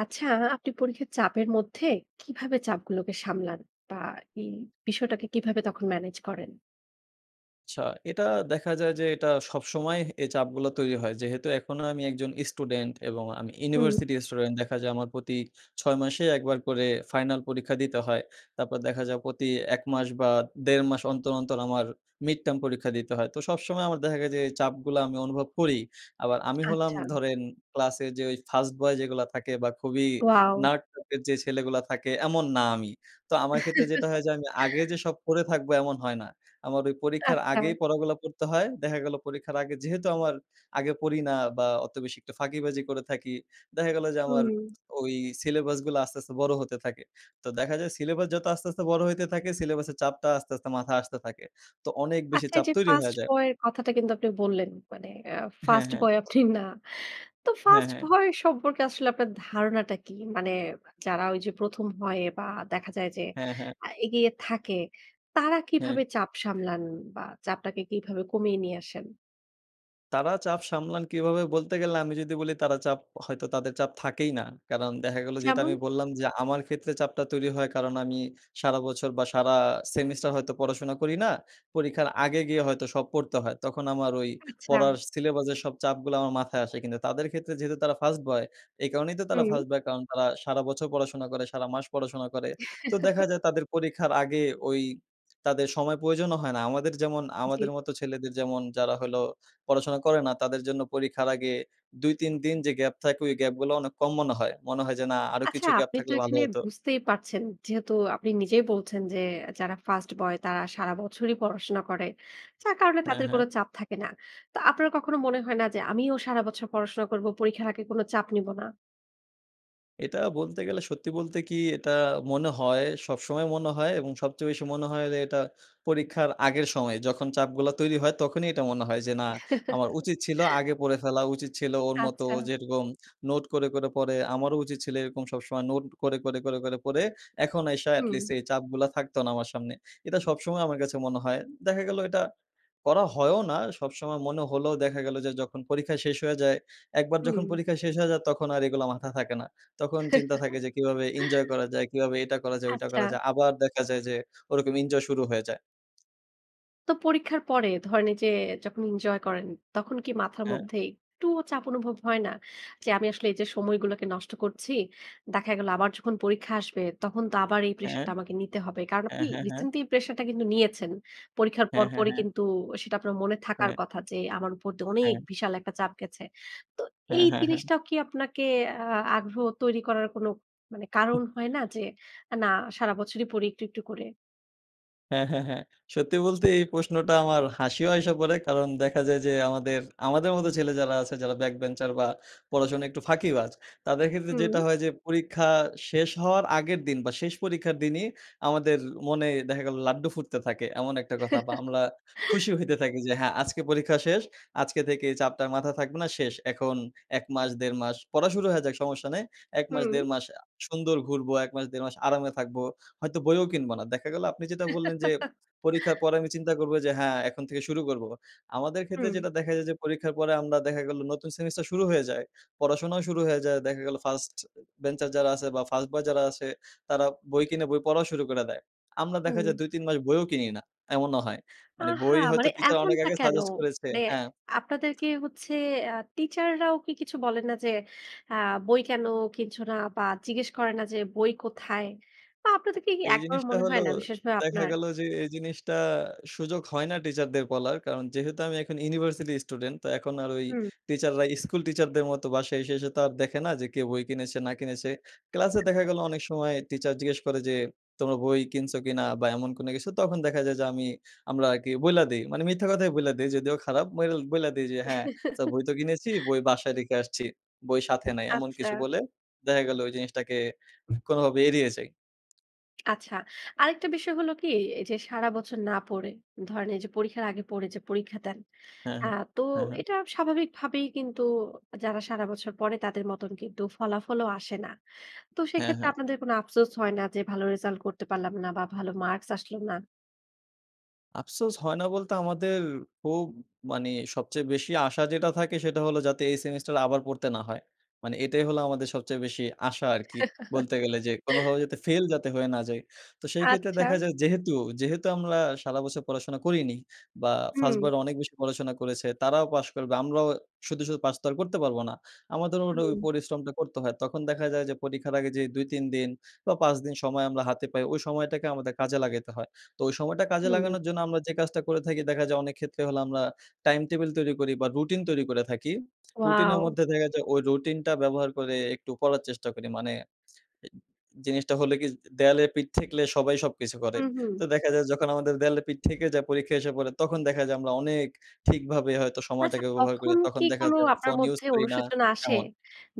আচ্ছা, আপনি পরীক্ষার চাপের মধ্যে কীভাবে চাপগুলোকে সামলান বা, এই বিষয়টাকে কীভাবে তখন ম্যানেজ করেন? আচ্ছা, এটা দেখা যায় যে, এটা সবসময় হে এই চাপগুলো তৈরি হয়। যেহেতু এখনো আমি একজন স্টুডেন্ট এবং আমি হুম। University student. দেখা যায়, আমার প্রতি ৬ মাসে একবার করে ফাইনাল পরীক্ষা দিতে হয়। তারপর দেখা যায়, প্রতি ১ মাস বা, ১.৫ মাস অন্তর, অন্তর আমার mid term পরীক্ষা দিতে হয়। তো সবসময় আমার দেখা যায়, এই চাপগুলো আমি অনুভব করি। আবার আমি হলাম আচ্ছা। ধরেন, ক্লাসের যে ওই ফার্স্ট বয় যেগুলো থাকে বা, খুবই ওয়াও! nerd টাইপের যে ছেলেগুলো থাকে, এমন না আমি। তো আমার ক্ষেত্রে যেটা হয় যে, আমি আগে যে সব পড়ে থাকবো, এমন হয় না। আমার ওই পরীক্ষার আচ্ছা। আগেই পড়াগুলো পড়তে হয়। দেখা গেলো পরীক্ষার আগে যেহেতু আমার আগে পড়ি না বা, অত বেশি একটা ফাঁকিবাজি করে থাকি। দেখা গেলো যে, আমার হুম। ওই সিলেবাসগুলো আস্তে, আস্তে বড় হতে থাকে। তো দেখা যায়, সিলেবাস যত আস্তে, আস্তে বড় হইতে থাকে, সিলেবাসের চাপটা আস্তে, আস্তে মাথা আসতে থাকে। তো অনেক বেশি আচ্ছা, চাপ এইযে তৈরি ফার্স্ট হয়া যায়। বয়ের কথাটা কিন্তু আপনি বললেন, মানে আ হ্যাঁ, ফার্স্ট হ্যাঁ। বয় আপনি না। তো, হ্যাঁ, ফার্স্ট হ্যাঁ। ভয় সম্পর্কে আসলে আপনার ধারণাটা কি? মানে যারা ঐযে ১ম হয় বা, দেখা যায় যে, হ্যাঁ, হ্যাঁ। আ এগিয়ে থাকে, তারা হ্যাঁ। কিভাবে চাপ সামলান বা, চাপটাকে কিভাবে কমিয়ে নিয়ে আসেন? তারা চাপ সামলান কীভাবে? বলতে গেলে আমি যদি বলি, তারা চাপ হয়তো তাদের চাপ থাকেই না। কারণ দেখা গেলো, যেটা আমি যেমন? বল্লাম যে, আমার ক্ষেত্রে চাপটা তৈরি হয়, কারণ আমি সারা বছর বা, সারা সেমিস্টার হয়তো পড়াশোনা করি না। পরীক্ষার আগে গিয়ে হয়তো সব পড়তে হয়। তখন আমার ওই পড়ার আচ্ছা। সিলেবাসের সব চাপগুলো আমার মাথায় আসে। কিন্তু তাদের ক্ষেত্রে যেহেতু তারা ফার্স্ট বয়, এই কারণেই তো তারা হুম। First boy. কারণ তারা সারা বছর পড়াশোনা করে, সারা মাস পড়াশোনা করে। তো দেখা যায় তাদের পরীক্ষার আগে ওই তাদের সময় প্রয়োজনও হয় না। আমাদের যেমন জি। আমাদের মতো ছেলেদের যেমন যারা হলো পড়াশোনা করে না, তাদের জন্য পরীক্ষার আগে ২ ৩ দিন যে গ্যাপ থাকে, ওই গ্যাপগুলো অনেক কম মনে হয়। মনে হয় যে, না, আরো আচ্ছা, কিছু গ্যাপ আপনি তো থাকলে ভালো এখানে হতো। বুঝতেই পারছেন যেহেতু আপনি নিজেই বলছেন যে, যারা ফার্স্ট বয় তারা সারা বছরই পড়াশোনা করে। যার কারণে হ্যাঁ, তাদের কোন হ্যাঁ। চাপ থাকে না। তো আপনার কখনো মনে হয় না যে, আমিও সারা বছর পড়াশোনা করবো, পরীক্ষার আগে কোন চাপ নিব না? এটা বলতে গেলে সত্যি বলতে কি, এটা মনে হয়, সবসময় মনে হয় এবং সবচেয়ে বেশি মনে হয় যে এটা পরীক্ষার আগের সময়। যখন চাপগুলো তৈরি হয়, তখনই এটা মনে হয় যে, না, আমার উচিত ছিলো আগে পড়ে ফেলা, উচিত ছিল ওর মতো আচ্ছা। যেরকম নোট করে, করে পড়ে। আমারও উচিৎ ছিল এরকম সবসময় নোট করে, করে, করে, করে পড়ে, এখন আইসা হুম। এটলিস্ট এই চাপগুলো থাকতো না আমার সামনে। এটা সবসময় আমার কাছে মনে হয়। দেখা গেলো এটা করা হয়ও না, সবসময় মনে হলেও দেখা গেলো যে, যখন পরীক্ষা শেষ হয়ে যায় একবার যখন হুম। পরীক্ষা শেষ হয়ে যায়, তখন আর এগুলো মাথায় থাকে না। তখন চিন্তা থাকে যে কীভাবে এঞ্জয় করা যায়? কীভাবে এটা করা যায়? ওইটা আচ্ছা। করা যায়? আবার দেখা যায় যে, ওরকম এঞ্জয় শুরু হয়ে যায়। তো পরীক্ষার পরে ধরেন, এইযে যখন এঞ্জয় করেন, তখন কি মাথার হ্যাঁ। মধ্যে একটুও চাপ অনুভব হয় না? যে, আমি আসলে এইযে সময়গুলোকে নষ্ট করছি, দেখা গেলো আবার যখন পরীক্ষা আসবে, তখন তো আবার এই হ্যাঁ। প্রেশারটা আমাকে নিতে হবে? কারণ, হ্যাঁ, আপনি হ্যাঁ, হ্যাঁ। রিসেন্টলি এই প্রেশারটা কিন্তু নিয়েছেন। পরীক্ষার হ্যাঁ, পর, হ্যাঁ, পরই হ্যাঁ। কিন্তু সেটা আপনার মনে থাকার হ্যাঁ। কথা যে, আমার উপর দিয়ে অনেক হ্যাঁ। বিশাল একটা চাপ গেছে। তো হ্যাঁ, এই হ্যাঁ, হ্যাঁ। জিনিসটাও কি আপনাকে আ আগ্রহ তৈরি করার কোনো মানে হু। কারণ হয় না যে, এ না সারা বছরই পড়ি একটু, একটু করে। হ্যাঁ, হ্যাঁ, হ্যাঁ। সত্যি বলতে, এই প্রশ্নটা আমার হাসিও আইসা পড়ে। কারণ, দেখা যায় যে আমাদের আমাদের মতো ছেলে যারা আছে, যারা back bencher বা, পড়াশোনা একটু ফাঁকিবাজ। তাদের ক্ষেত্রে যেটা হুম। হয় যে পরীক্ষা শেষ হওয়ার আগের দিন বা, শেষ পরীক্ষার দিনই আমাদের মনে দেখা গেলো লাড্ডু ফুটতে থাকে, এমন একটা কথা। বা, আমরা খুশি হইতে থাকি যে, হ্যাঁ, আজকে পরীক্ষা শেষ। আজকে থেকে চাপটা মাথা থাকবে না, শেষ। এখন ১ মাস, ১.৫ মাস পড়া শুরু হয়ে যাক, সমস্যা নেই। ১ মাস, হুম। ১.৫ মাস আ সুন্দর ঘুরবো। ১ মাস, ১.৫ মাস আরামে থাকবো। হয়তো বইও কিনব না। দেখা গেলো আপনি যেটা বললেন যে, পরীক্ষার পরে আমি চিন্তা করবো যে, হ্যাঁ, এখন থেকে শুরু করবো। আমাদের ক্ষেত্রে হুম। যেটা দেখা যায় যে, পরীক্ষার পরে আমরা দেখা গেলো নতুন সেমিস্টার শুরু হয়ে যায়, পড়াশোনাও শুরু হয়ে যায়। দেখা গেলো first এ bencher যারা আছে বা, ফার্স্ট বয় যারা আছে, তারা বই কিনে বই পড়াও শুরু করে দেয়। আমরা দেখা হুম। যায় ২ ৩ মাস বইও কিনি না এমনও হয়। মানে আহা! বই হয়তো মানে টিচার অনেক এমনটা আগে কেন? সাজেস্ট করেছে মানে হ্যাঁ। আপনাদেরকে হচ্ছে আ টিচাররাও কি কিছু বলে না যে, "আ বই কেন কিনছ না?" বা, জিজ্ঞেস করে না যে, "বই কোথায়?" বা, আপনাদেরকে কি এই একবারও জিনিসটা মনে হলো হয় না? বিশেষভাবে দেখা আপনার? গেল যে, এই জিনিসটা সুযোগ হয় না টিচারদের বলার। কারণ, যেহেতু আমি এখন ইউনিভার্সিটি স্টুডেন্ট, তো এখন আর ওই হুম। টিচাররা স্কুল টিচারদের মতো বাসায় এসে, এসে তো দেখে না যে কে বই কিনেছে, না কিনেছে। ক্লাসে দেখা আচ্ছা, গেল আচ্ছা। অনেক সময় টিচার জিজ্ঞেস করে যে, "তোমরা বই কিনছো কিনা?" বা, এমন কোনো কিছু। তখন দেখা যায় যে, আমি আমরা আরকি বইলা দেই। মানে মিথ্যা কথাই বইলা দেই। যদিও খারাপ। বল বইলা দেই যে, হ্যাঁ, "স্যার বই তো কিনেছি। বই বাসায় রেখে আসছি। বই সাথে নাই।" এমন আচ্ছা। কিছু বলে, দেখা গেলো ওই জিনিসটাকে কোনোভাবে এড়িয়ে যাই। আচ্ছা। আরেকটা বিষয় হলো কি? এইযে সারা বছর না পড়ে। ধরেন এইযে পরীক্ষার আগে পড়ে যে পরীক্ষা দেন। হ্যাঁ, অ্যা হ্যাঁ, তো হ্যাঁ, হ্যাঁ। এটা স্বাভাবিকভাবেই কিন্তু যারা সারা বছর পড়ে তাদের মতন কিন্তু ফলাফলও আসে না। তো হ্যাঁ, সেক্ষেত্রে হ্যাঁ। আপনাদের কোন আফসোস হয় না যে, ভালো রেজাল্ট করতে পারলাম না বা ভালো মার্কস আসলো না? আফসোস হয় না বলতে আমাদের খুব, মানে সবচেয়ে বেশি আশা যেটা থাকে সেটা হলো, যাতে এই সেমিস্টার আবার পড়তে না হয়। মানে এটাই হলো আমাদের সবচেয়ে বেশি আশা আরকি, বলতে গেলে যে কোনোভাবে যেতে ফেল যাতে হয়ে না যাই। তো সেই ক্ষেত্রে আচ্ছা। দেখা যায় যেহেতু, যেহেতু আমরা সারা বছর পড়াশোনা করিনি বা ফার্স্ট হুম। বয়রা অনেক বেশি পড়াশোনা করেছে তারাও পাশ করবে। আমরাও শুধু, শুধু পাস তো আর করতে পারবো না। আমাদের মোট ওই হুম। পরিশ্রমটা করতে হয়। তখন দেখা যায় যে পরীক্ষার আগে যে ২-৩ দিন বা ৫ দিন সময় আমরা হাতে পাই। ওই সময়টাকে আমাদের কাজে লাগাইতে হয়। তো ওই সময়টা কাজে হু। লাগানোর জন্য আমরা যে কাজটা করে থাকি। দেখা যায় অনেক ক্ষেত্রে হলে, আমরা টাইম টেবিল তৈরি করি বা রুটিন তৈরি করে থাকি। রুটিনের ওয়াও! মধ্যে দেখা যায় ওই রুটিনটা ব্যবহার করে একটু পড়ার চেষ্টা করি মানে এ জিনিসটা হলো কি? দেয়ালের পিঠ ঠেকলে সবাই সবকিছু করে। হুম, হুম। তো দেখা যায় যখন আমাদের দেয়ালের পিঠ থেকে যায়। পরীক্ষা এসে পড়ে তখন দেখা যায় আমরা অনেক ঠিকভাবে হয়তো আচ্ছা সময়টাকে ওভাবে করে। তখন তখন কি দেখা কোন যায় আপনার ফোন ইউজ মধ্যে করি না অনুশোচনা আসে? এমন।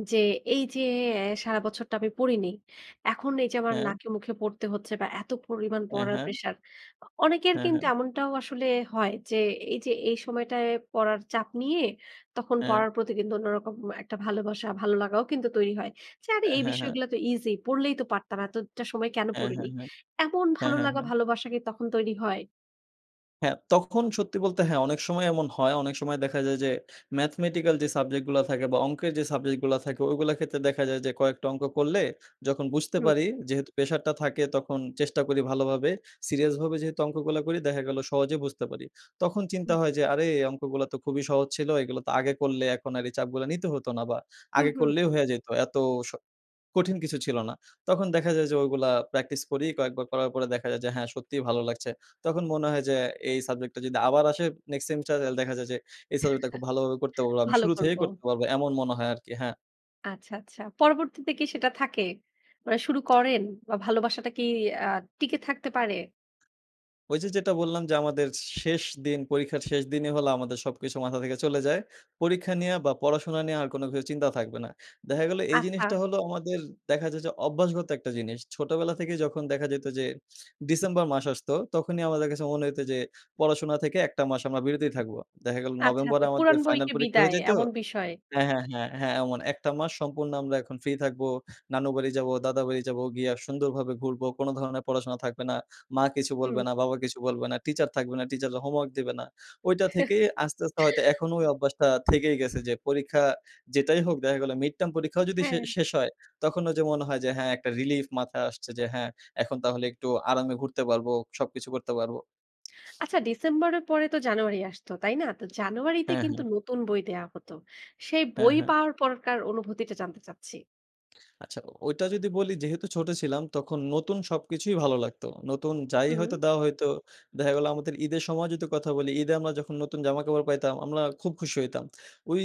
যে এইযে এ সারা বছরটা আমি পড়িনি। এখন এইযে আমার হ্যাঁ। নাকে মুখে পড়তে হচ্ছে বা এতো পরিমাণ হ্যাঁ, পড়ার হ্যাঁ। প্রেশার। অ অনেকের হ্যাঁ, কিন্তু হ্যাঁ। এমনটাও আসলে হয় যে, এইযে এই সময়টায় পড়ার চাপ নিয়ে তখন হ্যাঁ। পড়ার প্রতি কিন্তু অন্যরকম একটা ভালোবাসা, ভালোলাগাও কিন্তু তৈরি হয়। যে আরে হ্যাঁ, এই হ্যাঁ, হ্যাঁ। বিষয়গুলা তো ইজি পড়লেই তো পারতাম। এতটা সময় কেনো হ্যাঁ, হ্যাঁ, পড়িনি। হ্যাঁ। এমন হ্যাঁ, হ্যাঁ, ভালোলাগা হ্যাঁ। ভালোবাসা কি তখন তৈরি হয়? হ্যাঁ, তখন সত্যি বলতে হ্যাঁ, অনেক সময় এমন হয়। অনেক সময় দেখা যায় যে, Mathematical যে সাবজেক্ট গুলা থাকে বা অংকের যে সাবজেক্ট গুলা থাকে। ওগুলা ক্ষেত্রে দেখা যায় যে, কয়েকটা অঙ্ক করলে যখন বুঝতে হু। পারি। যেহেতু প্রেশারটা থাকে তখন চেষ্টা করি ভালোভাবে। সিরিয়াসভাবে যেহেতু অঙ্কগুলা করি দেখা গেলো সহজে বুঝতে পারি। তখন চিন্তা জী। হয় যে আরে এ অঙ্কগুলা তো খুবই সহজ ছিল। এগুলা তো আগে করলে এখন আর এই চাপগুলা নিতে হতো না। বা হু, আগে হু। করলেই হইয়া যেত। এত স কঠিন কিছু ছিল না। তখন দেখা যায় যে ওইগুলা প্র্যাকটিস করি। কয়েকবার করার পরে দেখা যায় যে হ্যাঁ, সত্যিই ভালো লাগছে। তখন মনে হয় যে, এই সাবজেক্ট টা যদি আবার আসে next semester হলে দেখা যায় যে এই সাবজেক্টটা খুব ভালোভাবে করতে পারবো। আমি ভালো শুরু করব। থেকেই করতে পারব। এমন মনে হয় আরকি হ্যাঁ। আচ্ছা, আচ্ছা। পরবর্তীতে কি সেটা থাকে? মানে শুরু করেন? বা ভালোবাসাটা কি আ টিকে থাকতে পারে? ওই যে, যেটা বললাম যে আমাদের শেষ দিন, পরীক্ষার শেষ দিনই হল আমাদের সবকিছু মাথা থেকে চলে যায়। পরীক্ষা নিয়ে বা পড়াশোনা নিয়ে আর কোনো কিছু চিন্তাও থাকবে না। দেখা গেলো এই জিনিসটা আচ্ছা। হলো আমাদের দেখা যায় যে অভ্যাসগত একটা জিনিস। ছোটবেলা থেকে যখন দেখা যেত যে, ডিসেম্বর মাস আসতো তখনই আমাদের কাছে মনে হইত যে, পড়াশোনা থেকে ১ টা মাস আমরা বিরতই থাকবো। দেখা গেলো আচ্ছা, নভেম্বরে আচ্ছা। আমাদের পুরাণ ফাইনাল বইকে পরীক্ষা হইয়া বিদায় যাইত এমন বিষয়? হ্যাঁ, হ্যাঁ, হ্যাঁ, হ্যাঁ এমন, ১ টা মাস সম্পূর্ণ আমরা এখন ফ্রি থাকব। নানু বাড়ি যাবো, দাদা বাড়ি যাবো গিয়া সুন্দরভাবে ঘুরবো। কোন ধরনের পড়াশোনা থাকবে না। মা কিছু হুম। বলবে না, বাবা কিছু বলবে না। টিচার থাকবে না, টিচাররা হোমওয়ার্ক দিবে না। ঐটা থেকেই আস্তে, আস্তে হয়তো এখনো ওই অভ্যাসটা থেকেই গেছে যে, পরীক্ষা যেটাই হোক। দেখা গেলো মিড-টার্ম পরীক্ষাও যদি শে হ্যাঁ। শেষ হয়, তখনো যে মনে হয় যে, হ্যাঁ, একটা রিলিফ মাথায় আসছে যে হ্যাঁ, এখন তাহলে একটু আরামে ঘুরতে পারবো, সবকিছু করতে পারব। আচ্ছা, ডিসেম্বরের পরে তো জানুয়ারি আসত, তাই না? তো জানুয়ারি তে হ্যাঁ, হ্যাঁ। কিন্তু নতুন বই দেওয়া হত। সেই হ্যাঁ, বই হ্যাঁ। পাওয়ার পরের অনুভূতিটা জানতে চাচ্ছি। আচ্ছা, ও ঐটা যদি বলি, যেহেতু ছোট ছিলাম, তখন নতুন সবকিছুই ভালো লাগতো। নতুন যাই হুম। হয়তো দেওয়া হইতো, দেখা গেল আমাদের ঈদের সময় যদি কথা বলি। ঈদে আমরা যখন নতুন জামা কাপড় পাইতাম, আমরা খুব খুশি হইতাম। ওই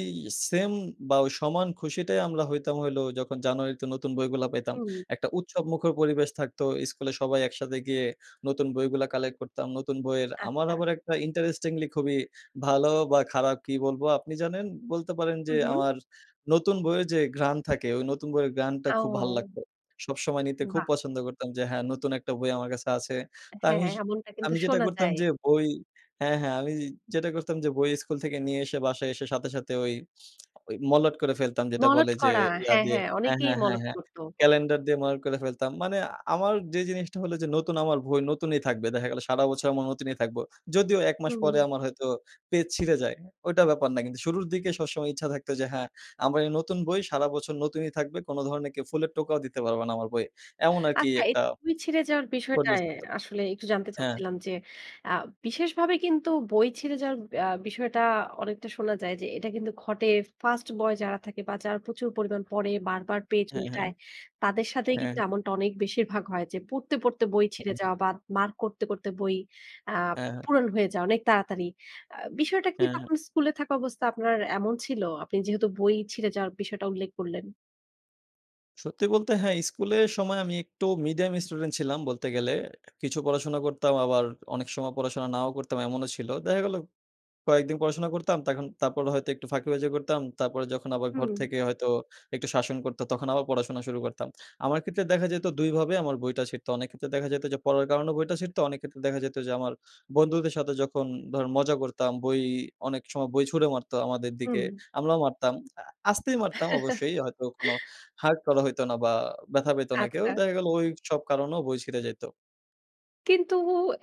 সেম বা, ওই সমান খুশিটাই আমরা হইতাম হইলো যখন জানুয়ারিতে নতুন বইগুলা পাইতাম। হুম। একটা উৎসবমুখর পরিবেশ থাকত। স্কুলে সবাই একসাথে গিয়ে নতুন বইগুলা কালেক্ট করতাম। নতুন বইয়ের আমার আচ্ছা। আবার একটা interestingly খুবই ভালো বা, খারাপ কি বলবো আপনি জানেন? বলতে পারেন যে, হু, হু। আমার নতুন বইয়ের যে ঘ্রান থাকে, ওই নতুন বইয়ের ঘ্রাণটা খুব ভালো ও! লাগতো। সবসময় নিতে খুব বাহ! পছন্দ করতাম যে, হ্যাঁ, নতুন একটা বই আমার কাছে আছে। তা হ্যাঁ, আমিস এমনটা কিন্তু আমি যেটা শোনা করতাম যায়। যে বই হ্যাঁ, হ্যাঁ। আমি যেটা করতাম যে বই স্কুল থেকে নিয়ে এসে বাসায় এসে সাথে, সাথে ওই মলাট করে ফেলতাম। যেটা মলাট বলে যে, করা। ইয়া হ্যাঁ, দিয়ে হ্যাঁ। হ্যাঁ, অনেকেই হ্যাঁ, হ্যাঁ, মলাট হ্যাঁ। করতো। ক্যালেন্ডার দিয়ে মলাট করে ফেলতাম। মানে আ আমার যে জিনিসটা হলো যে, নতুন আমার বই নতুনই থাকবে। দেখা গেল সারা বছর এমন নতুনই থাকব। যদিও ১ মাস পরে হুম। আমার হয়তো পেজ ছিঁড়ে যায়। ঐটা ব্যাপার না। কিন্তু শুরুর দিকে সবসময় ইচ্ছা থাকতো যে, "হ্যাঁ, আমার এই নতুন বই সারা বছর নতুনই থাকবে। কোন ধরনের কেউ ফুলের টোকাও দিতে পারবা না আমার বইয়ে।" এমন আরকি আচ্ছা, এই একটা বই ছিঁড়ে যাওয়ার পরিবেশ বিষয়টায় হইতো। আসলে একটু জানতে হ্যাঁ। চাচ্ছিলাম যে, আ বিশেষভাবে কিন্তু বই ছিঁড়ে যাওয়ার বে বিষয়টা অনেকটা শোনা যায় যে, এটা কিন্তু ঘটে ফার্স্ট বয় যারা থাকে বা, যারা প্রচুর পরিমাণ পড়ে, বারবার পেজ হ্যাঁ, হ্যাঁ। উল্টায়, তাদের সাথেই হ্যাঁ। কিন্তু এমনটা অনেক বেশিরভাগ হয়। যে পড়তে, পড়তে বই ছিঁড়ে হুম। যাওয়া বা, মার্ক করতে, করতে বই আ হ্যাঁ, পু হ্যাঁ। পুরনো হয়ে যাওয়া অনেক তাড়াতাড়ি। আ বিষয়টা কি হ্যাঁ, হ্যাঁ। তখন স্কুলে থাকা অবস্থা আপনার এমন ছিল? আপনি যেহেতু বই ছিঁড়ে যাওয়ার বিষয়টা উল্লেখ করলেন? সত্যি বলতে হ্যাঁ স্কুলের সময় আমি একটু মিডিয়াম স্টুডেন্ট ছিলাম বলতে গেলে। কিছু পড়াশোনা করতাম আবার অনেক সময় পড়াশোনা নাও করতাম এমনও ছিল। দেখা গেলো কয়েকদিন পড়াশোনা করতাম, তখন তারপর হয়তো একটু ফাঁকিবাজি করতাম। তারপরে যখন আবার ঘর হুম। থেকে হয়তো একটু শাসন করতো, তখন আবার পড়াশোনা শুরু করতাম। আমার ক্ষেত্রে দেখা যাইতো ২ ভাবে আমার বইটা ছিঁড়তো। অনেক ক্ষেত্রে দেখা যাইতো যে পড়ার কারণেও বইটা ছিড়তো, অনেক ক্ষেত্রে দেখা যাইতো যে আমার বন্ধুদের সাথে যখন ধরেন মজা করতাম, বই অনেক সময় বই ছুঁড়ে মারতো আমাদের হুম। দিকে, আমরাও মারতাম। আ আস্তেই মারতাম অবশ্যই, হয়তো কোনো hurt করা হইতো না বা ব্যথা পাইতো না কেউ। আচ্ছা। দেখা গেলো ওইসব কারণেও বই ছিড়ে যাইতো। কিন্তু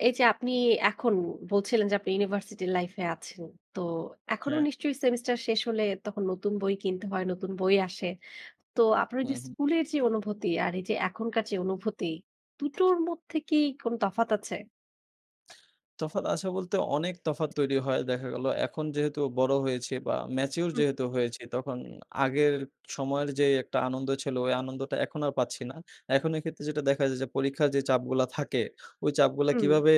এইযে আপনি এখন বলছিলেন যে আপনি ইউনিভার্সিটির লাইফ এ আছেন। তো এখনো হ্যাঁ। নিশ্চয়ই সেমিস্টার শেষ হলে তখন নতুন বই কিনতে হয়, নতুন বই আসে। তো আপনার হুম, ওইযে হুম। স্কুলের যে অনুভূতি আর এইযে এখনকার যে অনুভূতি, ২ টোর মধ্যে কি কোনো তফাৎ আছে? তফাৎ আছে বলতে অনেক তফাৎ তৈরি হয়। দেখা গেলো, এখন যেহেতু বড় হয়েছি বা ম্যাচিউর যেহেতু হয়েছি তখন আগের সময়ের যে একটা আনন্দ ছিল ওই আনন্দটা এখন আর পাচ্ছি না। এখন এ ক্ষেত্রে যেটা দেখা যায় যে পরীক্ষা যে চাপগুলা থাকে, ওই চাপগুলা হুম। কীভাবে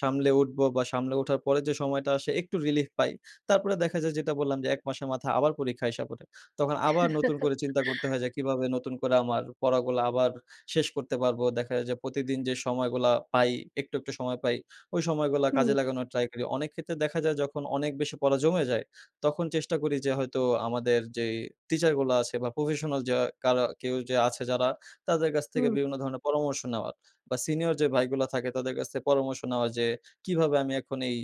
সামলে উঠবো বা সামলে ওঠার পরে যে সময়টা আসে একটু relief পাই। তারপরে দেখা যায় যেটা বললাম যে ১ মাসের মাথা আবার পরীক্ষা আইসা পরে। তখন আবার নতুন করে চিন্তা করতে হয় যে, "কিভাবে নতুন করে আমার পড়াগুলা আবার শেষ করতে পারবো।" দেখা যায় যে প্রতিদিন যে সময়গুলা পাই; একটু, একটু সময় পাই। ওই সময়গুলা হুম। কাজে লাগানোর ট্রাই করি। অনেক ক্ষেত্রে দেখা যায় যখন অনেক বেশি পড়া জমে যায়, তখন চেষ্টা করি যে হয়তো আমাদের যে টিচারগুলা আছে বা professional যা কারা কেউ যে আছে যারা, তাদের কাছ থেকে হুম। বিভিন্ন ধরনের পরামর্শ নেওয়ার বা সিনিয়র যে ভাইগুলা থাকে তাদের কাছ থেকে পরামর্শ নেওয়া যে, "কীভাবে আমি এখন এই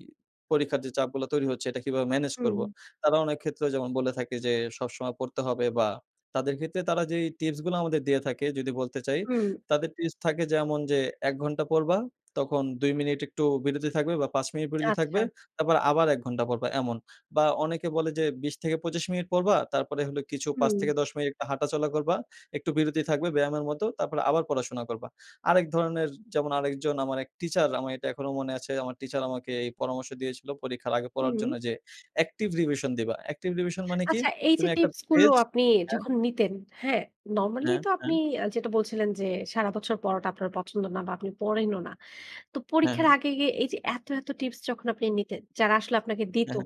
পরীক্ষার যে চাপগুলা তৈরি হচ্ছে এটা কিভাবে ম্যানেজ হুম। করবো?" তারা অনেক ক্ষেত্র যেমন বলে থাকে যে, "সবসময় পড়তে হবে" বা তাদের ক্ষেত্রে তারা যেই টিপসগুলা আমাদের দিয়ে থাকে যদি বলতে চাই, হুম। তাদের টিপস থাকে যেমন যে, "১ ঘন্টা পড়বা, তখন ২ মিনিট একটু বিরতি থাকবে বা ৫ মিনিট বিরতি থাকবে, আচ্ছা। তারপর আবার ১ ঘন্টা পড়বা" এমন বা অনেকে বলে যে, "২০-২৫ মিনিট পড়বা তারপরে হলো কিছু পাঁচ হুম। থেকে দশ মিনিট হাঁটাচলা করবা, একটু বিরতি থাকবে ব্যায়ামের মতো, তারপরে আবার পড়াশোনা করবা।" আরেক ধরনের যেমন আরেকজন আমার ১ টিচার, আমার এখনো মনে আছে আমার টিচার আমাকে এই পরামর্শ দিয়েছিলো পরীক্ষার আগে পড়ার হুম। জন্য যে, "active revision দিবা। active revision মানে কি? আচ্ছা এইযে তুমি ১ টা টিপসগুলো পেজ" আপনি হ্যাঁ। যখন নিতেন, হ্যাঁ? নরমালি হ্যাঁ, তো হ্যাঁ। আপনি অ্যা যেটা বলছিলেন যে সারাবছর পড়াটা আপনার পছন্দ না বা আপনি পড়েনও না। তো হ্যাঁ, পরীক্ষার হ্যাঁ। আগে গিয়ে এইযে এত, এত টিপস যখন আপনি নিতেন, যারা আসলে আপনাকে হ্যাঁ, দিতো,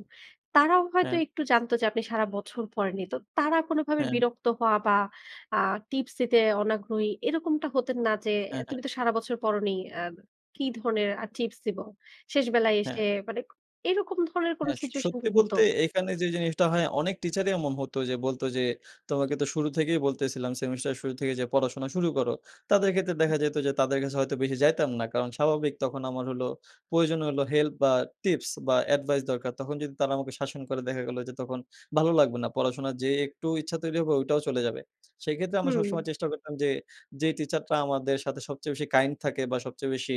তারাও হ্যাঁ। হয়তো হ্যাঁ। একটু জানতো যে আপনি সারাবছর পড়েননি। তো তারা কোনোভাবে হ্যাঁ। বিরক্ত হওয়া বা আ টিপস দিতে অনাগ্রহী এরকমটা হতেন না যে, হ্যাঁ, হ্যাঁ। "তুমি তো সারাবছর পড়োনি, আম কি ধরনের আর টিপস দিবো।" শেষবেলায় এসে হ্যাঁ। মানে ক এরকম ধরনের কোনো হ্যাঁ স সিচুয়েশন কি সত্যি হতো? বলতে এখানে যে জিনিসটা হয় অনেক টিচারই এমন হতো যে বলতো যে, "তোমাকে তো শুরু থেকেই বলতেছিলাম, সেমিস্টারের শুরু থেকেই যে পড়াশোনা শুরু করো।" তাদের ক্ষেত্রে দেখা যেতো যে তাদের কাছে হয়তো বেশি যাইতাম না। কারণ স্বাভাবিক তখন আমার হলো প্রয়োজন হলো হেল্প বা টিপস বা এডভাইস দরকার; তখন যদি তারা আমাকে শাসন করে, দেখা গেলো যে তখন ভালো লাগবে না। পড়াশোনার যে একটু ইচ্ছা তৈরি হবে ওইটাও চলে যাবে। সেক্ষেত্রে আমরা সবসময় হুম। চেষ্টা করতাম যে, যেই টিচারটা আমাদের সাথে সবচেয়ে বেশি kind থাকে বা সবচেয়ে বেশি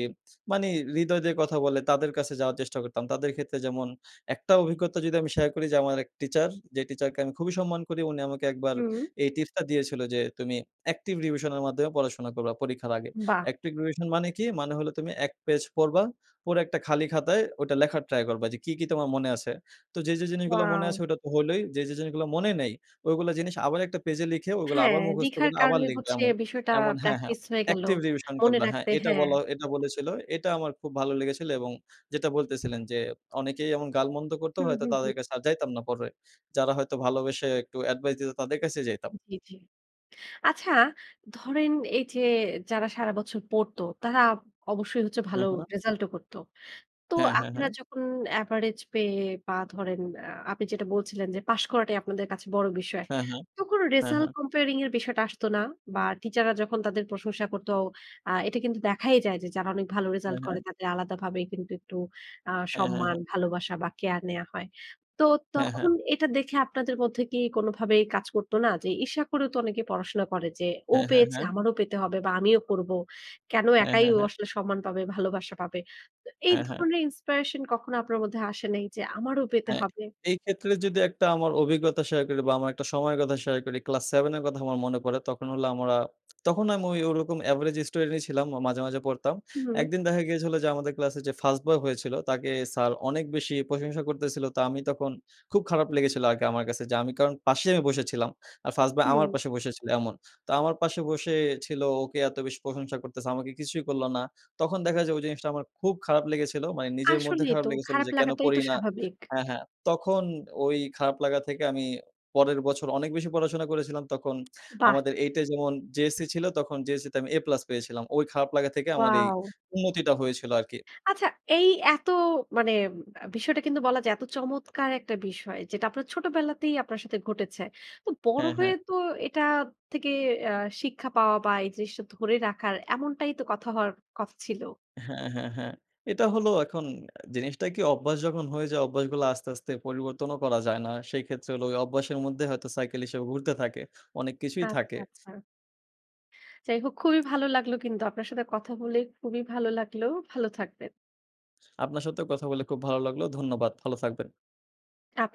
মানে হৃদয় দিয়ে কথা বলে তাদের কাছে যাওয়ার চেষ্টা করতাম। তাদের ক্ষেত্রে যেমন একটা অভিজ্ঞতা যদি আমি শেয়ার করি যে, আমার ১ টিচার; যে টিচারকে আমি খুবই সম্মান করি। উনি আমাকে একবার হুম। এই টিপসটা দিয়েছিল যে, "তুমি active revision এর মাধ্যমে পড়াশোনা করবা পরীক্ষার আগে। বাহ! active revision মানে কি? মানে হলো তুমি ১ পেজ পড়বা, পড়ে একটা খালি খাতায় ওইটা লেখার ট্রাই করবা; যে কি, কি তোমার মনে আছে। তো যে, যে জিনিসগুলা মনে আছে ওয়াও! ওটা তো হলোই। যে, যে জিনিসগুলো মনে নেই, ঐগুলা জিনিস আবার একটা পেজ এ লিখে ওগুলা হ্যাঁ, আবার মুখস্থ লিখার করে আবার কারণে লিখবে হচ্ছে এমন।" বিষয়টা এমন হ্যাঁ, হ্যাঁ। প্র্যাকটিস হয়ে গেলো। active revision মনে করবা, হ্যাঁ, রাখতে এটা হ্যাঁ। বলা এটা বলেছিলো। এটা আমার খুব ভালো লেগেছিলো এবং যেটা বলতেছিলেন যে, অনেকেই এমন গাল-মন্দ করতো, হু, হয়তো হু, হু। তাদের কাছে আর যাইতাম না পরে। যারা হয়তো ভালোবেসে একটু অ্যাডভাইস দিতো তাদের কাছেই যাইতাম। জি, জি। আচ্ছা ধরেন এইযে যারা সারাবছর পড়তো তারা অবশ্যই হচ্ছে হু, ভালো হু। রেজাল্টও করতো। তো হ্যাঁ, হ্যাঁ, আপনারা হ্যাঁ। যখন এভারেজ পেয়ে বা ধরেন আ আপনি যেটা বলছিলেন যে, "পাস করাটাই আপনাদের কাছে বড় বিষয়।" হ্যাঁ, হ্যাঁ। তো কোনো হ্যাঁ, রেজাল্ট হ্যাঁ। comparing এর বিষয়টা আসতো না? বা টিচাররা যখন তাদের প্রশংসা করতো আ এটা কিন্তু দেখাই যায় যে, যারা অনেক ভালো হ্যাঁ, রেজাল্ট হ্যাঁ। তাদের আলাদাভাবে কিন্তু একটু আ হ্যাঁ, হ্যাঁ, হ্যাঁ। সম্মান, ভালোবাসা বা কেয়ার নেয়া হয়। তো হ্যাঁ, হ্যাঁ। তখন এটা দেখে আপনাদের মধ্যে কি কোনোভাবেই কাজ করতো না? যে, ঈর্ষা করেও তো অনেকে পড়াশোনা করে যে, "ও হ্যাঁ, হ্যাঁ, পেয়েছে হ্যাঁ। আমারও পেতে হবে বা আমিও পড়বো, কেনো হ্যাঁ, একাই হ্যাঁ, ও হ্যাঁ। আসলে সম্মান পাবে, ভালোবাসা পাবে?" তো এই হ্যাঁ, হ্যাঁ। ধরনের inspiration কখনো আপনার মধ্যে আসে নাই যে, "আমারও পেতে হ্যাঁ। হবে?" এইক্ষেত্রে যদি ১ টা আমার অভিজ্ঞতা শেয়ার করি বা আমার একটা সময়ের কথা শেয়ার করি; ক্লাস 7 এর কথা আমার মনে পড়ে। তখন হলো আমরা, তখন আমি ঐ ওরকম এভারেজ স্টুডেন্টই ছিলাম। মাঝে, মাঝে পড়তাম। ১ হুম। দিন দেখা গিয়েছিলো যে আমাদের ক্লাসে যে ফার্স্ট বয় হয়েছিলো তাকে স্যার অনেক বেশি প্রশংসা করতেছিলো। তো আমি তখন খুব খারাপ লেগেছিলো আরকি আমার কাছে, যে আমি কারণ পাশে আমি বসেছিলাম। আর ফার্স্ট বয় হুম। আমার পাশে বসেছিলো এমন। তো আমার পাশে বসে ছিল ওকে এত বেশি প্রশংসা করতেছে, আমাকে কিছুই করলো না। তখন দেখা যায় ঐ জিনিসটা আমার খুব খারাপ লেগেছিলো। মানে নিজের মধ্যে আসলেই খারাপ তো, লেগেছিলো খারাপ যে কেন লাগাটাই পড়ি তো না স্বাভাবিক। হ্যাঁ, হ্যাঁ। তখন ওই খারাপ লাগা থেকে আমি পরের বছর অনেক বেশি পড়াশোনা করেছিলাম। তখন বাহ! আমাদের 8 এ যেমন JSC ছিল, তখন JSC তে আমি A+ পেয়েছিলাম। ওই খারাপ লাগা থেকে আমার এই ওয়াও! উন্নতিটা হয়েছিলো আরকি। আচ্ছা, এই এত মানে ব বিষয়টা কিন্তু বলা যায় এত চমৎকার একটা বিষয়, যেটা আপনার ছোটবেলাতেই আপনার সাথে ঘটেছে। তো বড় হ্যাঁ, হ্যাঁ। হয়ে তো এটা থেকে অ্যা শিক্ষা পাওয়া বা এই জিনিসটা ধরে রাখার এমনটাই তো কথা হওয়ার কথা ছিল? হ্যাঁ, হ্যাঁ, হ্যাঁ। এটা হলো এখন জিনিসটা কি অভ্যাস যখন হয়ে যায় অভ্যাসগুলো আস্তে, আস্তে পরিবর্তনও করা যায় না। সেইক্ষেত্রে হলো ওই অভ্যাসের মধ্যে হয়তো cycle হিসেবে ঘুরতে থাকে। অনেক কিছুই আচ্ছা, থাকে। আচ্ছা। যাই হোক খুবই ভালো লাগলো কিন্তু আপনার সাথে কথা বলে। খুবই ভালো লাগলো, ভালো থাকবেন। আপনার সাথেও কথা বলে খুব ভালো লাগলো। ধন্যবাদ। ভালো থাকবেন। আপনাক